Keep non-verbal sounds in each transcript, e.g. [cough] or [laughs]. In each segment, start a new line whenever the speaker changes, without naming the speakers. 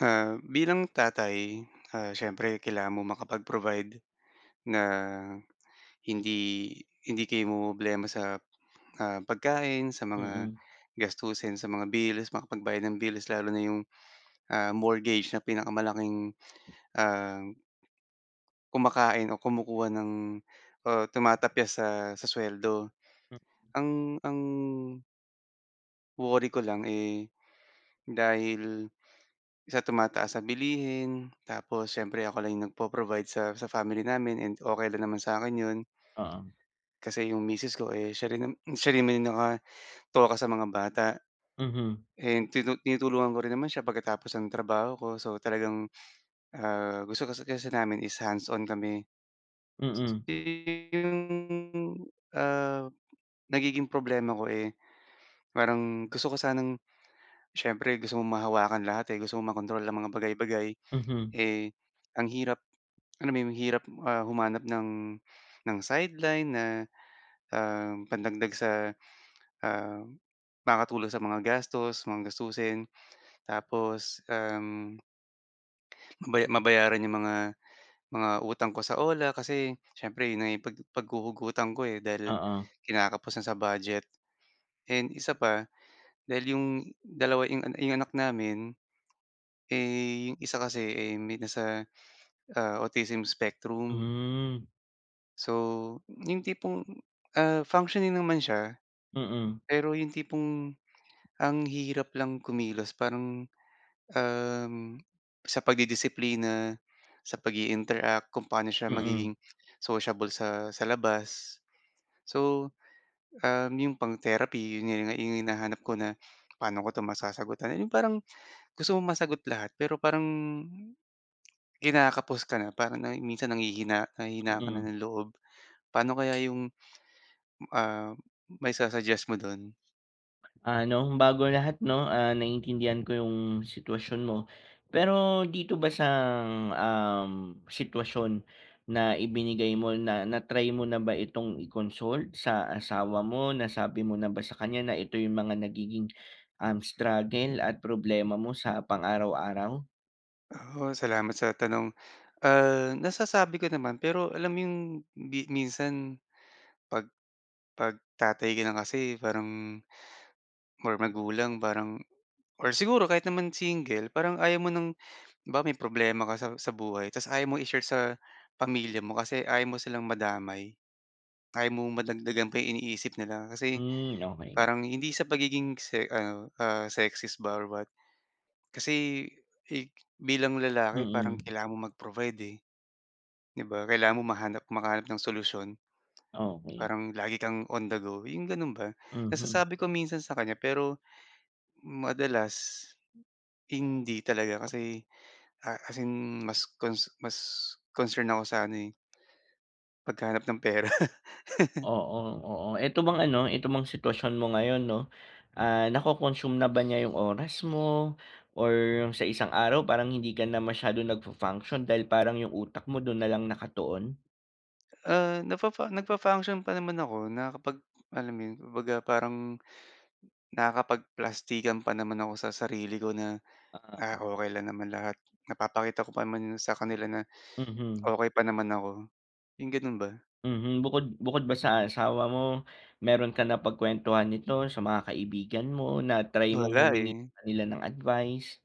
Ah, bilang tatay, ah, siyempre kailangan mong makapag-provide na hindi, hindi kayo mamromroblema sa, ah, pagkain, sa mga
Mm.
gastusin sa mga bills makapagbayad ng bills lalo na 'yong, ah, mortgage na pinakamalaking ah kumakain o kumukuha ng o tumatapyas sa sa suweldo
Hmm.
ang, ang worry ko lang, eh, dahil sa tumataas na bilihin tapos siyempre ako lang 'yong nagpo-provide sa sa family namin and okey lang naman sa akin 'yon.
Oo.
Kasi 'yong misis ko, eh, siya rin and siya rin naman 'yong nakatoka sa mga bata
Mhm.
and tinut tinutulungan ko rin naman siya pagkatapos ng trabaho ko. So talagang, ah, gusto kasi kasi namin is hands-on kami.
Mm.
Eh, 'yong, ah, nagiging problema ko, eh, parang gusto ko sanang siyempre gusto mong mahawakan lahat, eh. Gusto mong makontrol ang mga bagay-bagay.
Mhm.
Eh, ang hirap, alam mo 'yon ang hirap, ah, humanap ng, ng sideline na, um, pandagdag sa, um, makakatulong sa mga gastos mga gastusin tapos, um mabaya mabayaran 'yong mga, mga utang ko sa OLA kasi siyempre 'yon na 'yong pag paghuhugutan ko, eh, dahil
Oo.
kinakapos na sa budget and 1 pa dahil 'yong 2 'yong 'yong anak namin, eh, yung 1 kasi, eh, may nasa, ah, autism spectrum.
Hmm.
So, yung tipong, ah, functioning naman siya.
Mm.
Pero yung tipong, ang hirap lang kumilos parang, um, sa pagdidisiplina, sa pag-iinteract. Kung paano siya
Mm.
magiging sociable sa sa labas so, um, yung pang-therapy 'yon nga yung hinahanap ko na paano ko masasagutan yung parang gusto mong masagot lahat pero parang, kinakapos ka na parang na minsan nanghihina nanghihina ka na
Mm.
ng loob. Paano kaya yung, ah, maisu-suggest mo do'n?
Ano, bago lahat 'no, ah, naiintindihan ko yung sitwasyon mo. Pero dito ba sa, um, sitwasyon na ibinigay mo na, na-try mo na ba itong i-consult sa asawa mo, nasabi mo na ba sa kanya na ito yung mga nagiging, um, struggle at problema mo sa pang araw-araw?
Oo, salamat sa tanong. Ah, nasasabi ko naman pero alam mo yung bi minsan pag, pag tatay ka na kasi parang, or magulang parang or siguro kahit naman single parang ayaw mo ng halimbawa may problema ka sa, sa buhay tapos ayaw mo i-share sa pamilya mo kasi ayaw mo silang madamay. Ayaw mong madagdagan pa yung iniisip nila kasi
Hmm. Okay.
parang hindi sa pagiging se ano, ah, sexist ba or what, kasi, eh, bilang lalaki parang
Mm.
kailangan mong mag-provide, eh, di ba? Kailangan mo mahanap makahanap ng solusyon
Okey.
parang lagi kang on the go, yung gano'n ba?
Mhm.
Nasasabi ko minsan sa kanya pero madalas hindi talaga kasi, ah, as in mas cons mas concern ako sa ano, eh paghahanap ng pera. [laughs]
Oo, oo. Ito bang ano ito bang sitwasyon mo ngayon 'no? Ah, nako-consume na ba niya yung oras mo or yung sa isang araw parang hindi ka na masyadong nag-fu-function dahil parang yung utak mo do'n nalang nakatuon?
Ah, nafafa nag-function pa naman ako, nakakapag alam mo yun, kumbaga parang nakakapagplastikan pa naman ako sa sarili ko na, "Ah,
Oo.
okey lang naman lahat napapakita ko pa naman sa kanila na
Mhm.
okey pa naman ako," yung ganun ba.
Mhm, bukod bukod ba sa asawa mo, mayro'ng ka napagkwentuhan nito sa mga kaibigan mo, na-try mong
Wala,
humingi
eh.
sa ka nila ng advice?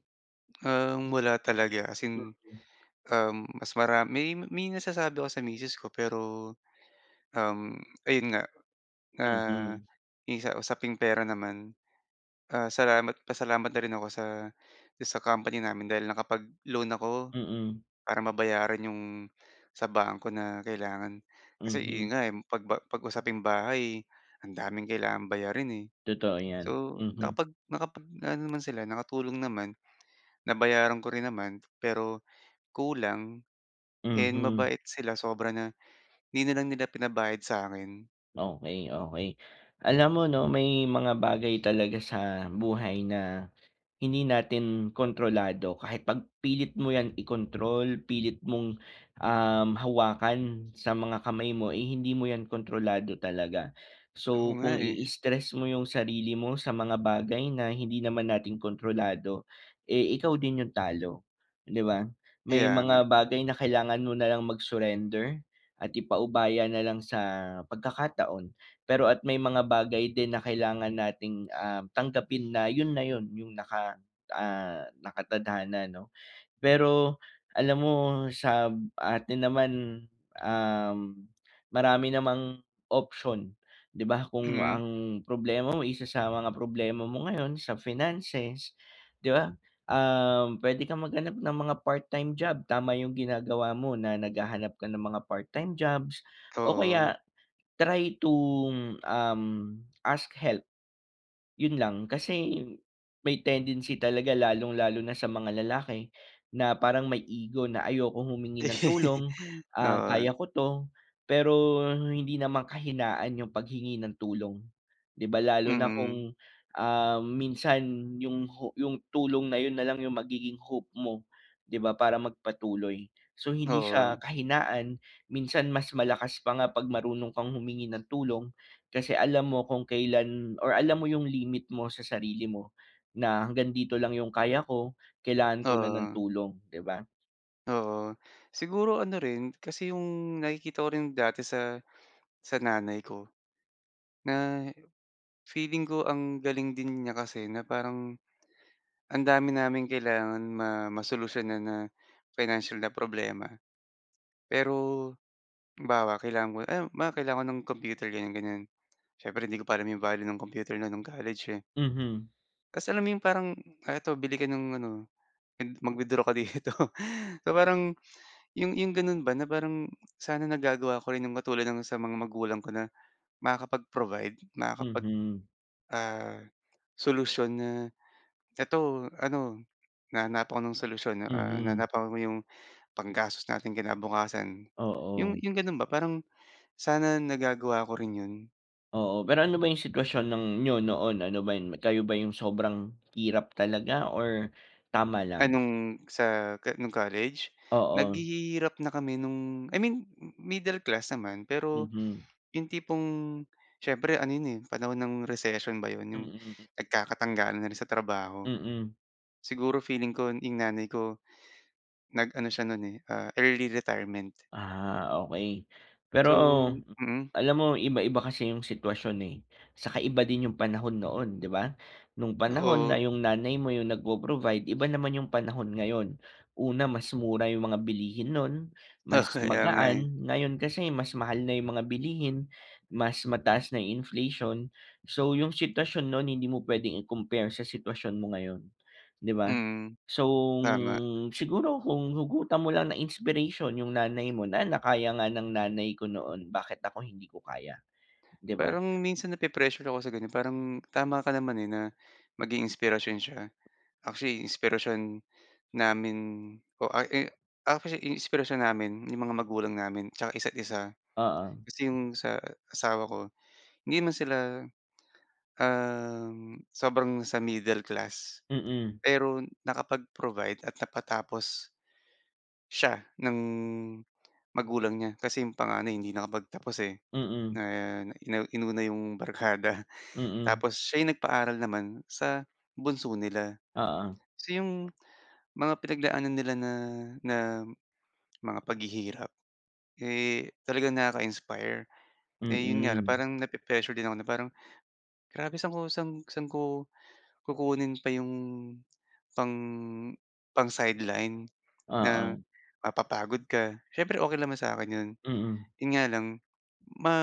Um, wala talaga as in,
Mm.
um, mas marami may may nasasabi ako sa misses ko, pero, um, ayun nga. Ah,
Mhm.
yung sa usaping pera naman. Ah, salamat pasalamat na rin ako sa sa company namin dahil nakapag-loan ako.
Mm.
Para mabayaran 'yong sa bangko na kailangan. Kasi ayun
Mhm.
nga 'pag 'pag usaping bahay, eh, ang daming kailangan bayarin, eh.
Totoo
So,
'yan, mhm.
nakapag nakapag aano naman sila, nakatulong naman. Nabayaran ko rin naman. Pero kulang and,
Mhm.
mabait sila sobra na 'di na lang nila pinabayad sa akin.
Okey, okey, alam mo ’no, may mga bagay talaga sa buhay na, hindi natin kontrolado kahit ’pag pilit mo ’yan ikontrol, pilit mong, um, hawakan sa mga kamay mo, eh, hindi mo ’yan kontrolado talaga.
Oo
So,
nga
kung
eh.
i-stress mo ’yong sarili mo sa mga bagay na hindi naman natin kontrolado, eh, ikaw din ’yong talo, ’di ba? May
Kaya nga.
mga bagay na kailangan mo na lang mag-surrender at ipaubaya na lang sa pagkakataon. Pero at may mga bagay din na kailangan nating, ah, tanggapin na ’yon na ’yon, ’yong naka, ah, nakatadhana ’no. Pero, alam mo, sa atin naman, um, marami namang option, ’di ba? Kung
Mm.
ang problema mo, isa sa mga problema mo ngayon sa finances, ’di ba? Um, puwede kang maghanap ng mga part-time job, tama ’yong ginagawa mo na naghahanap ka ng mga part-time jobs, o
Oo.
kaya, try to, um, ask help. ’Yon lang. Kasi may tendency talaga lalong lalo na sa mga lalaki na parang may ego na ayokong humingi ng tulong,
[laughs]
ah,
Oo.
kaya ko 'to, pero hindi naman kahinaan ’yong paghingi ng tulong. ’Di ba, lalo na
Mm.
kung, um, minsan ’yong ho ’yong tulong na ’yon na lang ’yong magiging hope mo, ’di ba, para magpatuloy. So, hindi siya
Oo.
kahinaan, minsan mas malakas pa nga ’pag marunong kang humingi ng tulong, kasi alam mo kung kailan or alam mo ’yong limit mo sa sarili mo na hanggang dito lang ’yong kaya ko, kailangan ko na ng
Oo.
tulong, ’di ba?
Oo. Siguro ano rin, kasi 'yong nakikita ko rin dati sa sa nanay ko. Na, feeling ko ang galing din niya kasi na parang, ang dami naming kailangan ma masolusyon na financial na problema. Pero, halimbawa kailangan ko, "Ay, ma, baka kailangan ko ng computer." ganyan ganyan. Siyempre hindi ko pa alam 'yong value ng computer na no'ng college, eh.
Mhm.
Kasi alam mo 'yong parang, "Ah, eto bili ka ng ano, mag mag-withdraw ka dito." So, parang 'yong 'yong gano'n ba na parang, sana nagagawa ko rin 'yong katulad ng sa mga magulang ko na, makakapag-provide, makakapag,
Mhm.
ah, solusyon, na eto ano, na nahanapan ko ng solusyon ah,
Mhm.
nahanapan ko 'yong, panggastos nating kinabukasan. 'Yong
Oo.
'yong gano'n ba, parang sana nagagawa ko rin 'yon.
Oo, pero ano ba yung sitwasyon ng niyo noon, ano ba yun? Kayo ba yung sobrang hirap talaga or tama lang?
Anong sa ka nung college?
Oo.
Naghihirap na kami nung I mean middle class naman, pero
Mm.
yung tipong siyempre ano yun, eh, panahon ng recession ba yun? Yung
Mm.
nagkakatanggalan na rin sa trabaho.
Mm.
Siguro feeling ko yung nanay ko nag ano siya nun, eh, ah, early retirement.
Ah, okey pero
So, hmm.
alam mo yung iba-iba kasi yung sitwasyon, eh, saka iba din yung panahon noon, di ba? Nung panahon na
Oo.
yung nanay mo yung nagpo-provide iba naman yung panahon ngayon. Una, mas mura yung mga bilihin nun,
Oo,
mas
kaya nga, eh.
magaan ngayon kasi mas mahal na yung mga bilihin, mas mataas na inflation. So, yung sitwasyon nun hindi mo puwedeng i-compare sa sitwasyon mo ngayon, di ba?
Hmm,
So,
tama.
siguro kung hugutan mo lang na inspiration yung nanay mo na na kaya nga ng nanay ko noon bakit ako hindi ko kaya, di ba?
Parang minsan nape-pressure ako sa ganyan, parang tama ka naman, eh, na maging inspirasyon siya, actually inspirasyon namin o a i actually inspirasyon namin yung mga magulang namin tiyaka isa't isa.
Oo.
Kasi yung sa asawa ko hindi man sila, um, sobrang sa middle class,
Mm.
pero nakapag-provide at napatapos siya ng magulang niya. Kasi yung panganay hindi nakapagtapos, eh, na
Mm.
ina inuna yung barkada,
Mm.
tapos siya yung nagpaaral naman sa bunso nila.
Oo.
So, yung mga pinagdaanan nila na na mga paghihirap, eh, talagang nakaka-inspire, eh, yun nga
Mm.
parang nape-pressure din ako na parang grabe, saan ko saan ko kukunin pa yung pang pang sideline? Na
Oo.
mapapagod ka, siyempre okey naman sa'kin yun,
Mm.
yun nga lang ma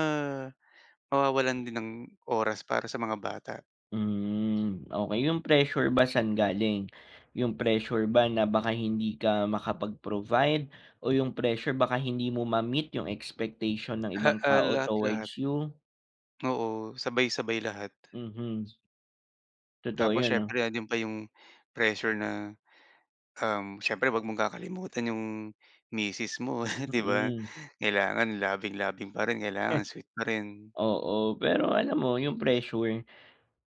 mawawalan din ng oras para sa mga bata.
Hmm, okey. Yung pressure ba saan galing? Yung pressure ba na baka hindi ka makapag-provide o yung pressure baka hindi mo ma-meet yung expectation ng
Ah,
ibang
ah,
tao
lahat-lahat.
towards you?
Oo, sabay-sabay lahat.
Mhm. Totoo
Tapos
'yon, ah.
siyempre nando'n pa yung pressure na, um, siyempre wag mong kakalimutan yung misis mo, [chuckles] di ba?
Mm.
Kailangan loving loving pa rin kailangan sweet parin.
[snorts] Oo. Pero alam mo yung pressure,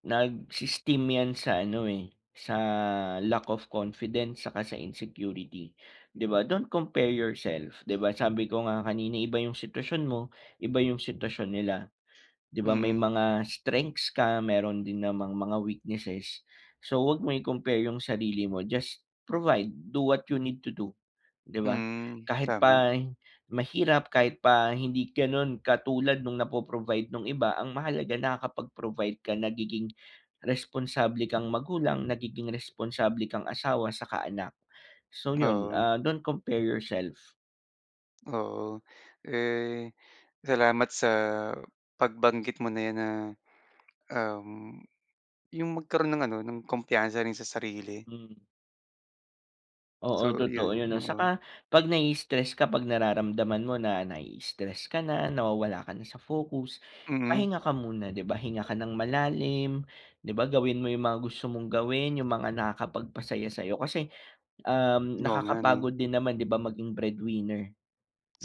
nag-i-esteem yan sa ano, eh, sa lack of confidence 'tsaka sa insecurity, di ba? Don't compare yourself di ba? Sabi ko nga kanina iba yung sitwasyon mo, iba yung sitwasyon nila, di ba? May
Mm.
mga strengths ka mayro'n din namang mga weaknesses. So, wag mong i-compare yung sarili mo, just provide do what you need to do, di ba?
Mm.
Kahit
Tama.
pa mahirap kahit pa hindi gano'n katulad nung napo-provide nung iba ang mahalaga nakakapag-provide ka nagiging responsable kang magulang nagiging responsable kang asawa 'tsaka anak. So, 'yon,
Oo.
ah, don't compare yourself.
Oo. Eh, salamat sa pagbanggit mo na 'yan na, um, yung magkaroon ng ano, ng kumpiyansa rin sa sarili.
Hmm. Oo.
So,
Totoo yun
yun.
'no.
Oo.
Saka 'pag nai-stress ka, 'pag nararamdaman mo na nai-stress ka na, nawawala ka na sa focus,
Mm.
pahinga ka muna, di ba? Hinga ka ng malalim, di ba? Gawin mo yung mga gusto mong gawin, yung mga nakakapagpasaya sa'yo. Kasi, um,
Oo nga 'no.
nakakapagod din naman di ba, maging breadwinner.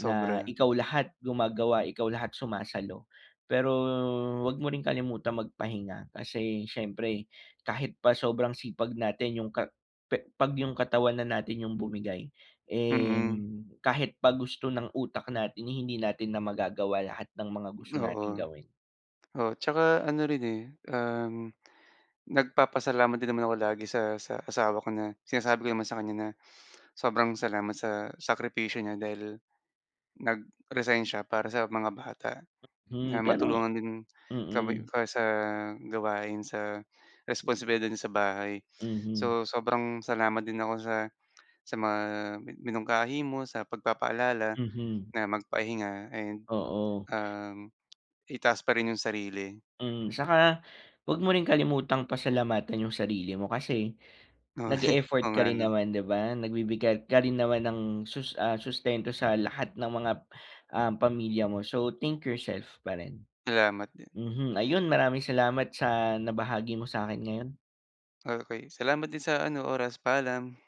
Na ikaw lahat gumagawa, ikaw lahat sumasalo. Pero 'wag mo ring kalimutang magpahinga kasi siyempre kahit pa sobrang sipag natin yung ka pe 'pag yung katawan na natin yung bumigay, eh,
Mm.
kahit pa gusto ng utak natin, hindi natin na magagawa lahat ng mga gusto
Oo.
nating gawin.
O, tsaka ano rin, eh, um, nagpapasalamat din naman ako lagi sa sa asawa ko na, sinasabi ko naman sa kanya na sobrang salamat sa sakripisyo niya dahil nag-resign siya para sa mga bata,
Hmm,
na
pero
matulungan din kami
mm.
ka sa gawain sa responsibilidad niya sa bahay.
Mhm.
So, sobrang salamat din ako sa sa mga mi minungkahi mo, sa pagpapaalala
Mhm.
na magpahinga, ayun.
Oo.
Um, Itaas pa rin yung sarili.
Mm, saka 'wag mo ring kalimutang pasalamatan yung sarili mo kasi
Oo. [chuckles] Oo
nag-e-effort ka
nga
rin
'no.
naman, di ba? Nagbibigay ka rin naman ng sus ah, sustento sa lahat ng mga, um, pamilya mo. So, think yourself pa rin.
Salamat din.
Mhm. Ayun, maraming salamat sa nabahagi mo sa'kin ngayon.
Okey. Salamat din sa ano, oras. Paalam.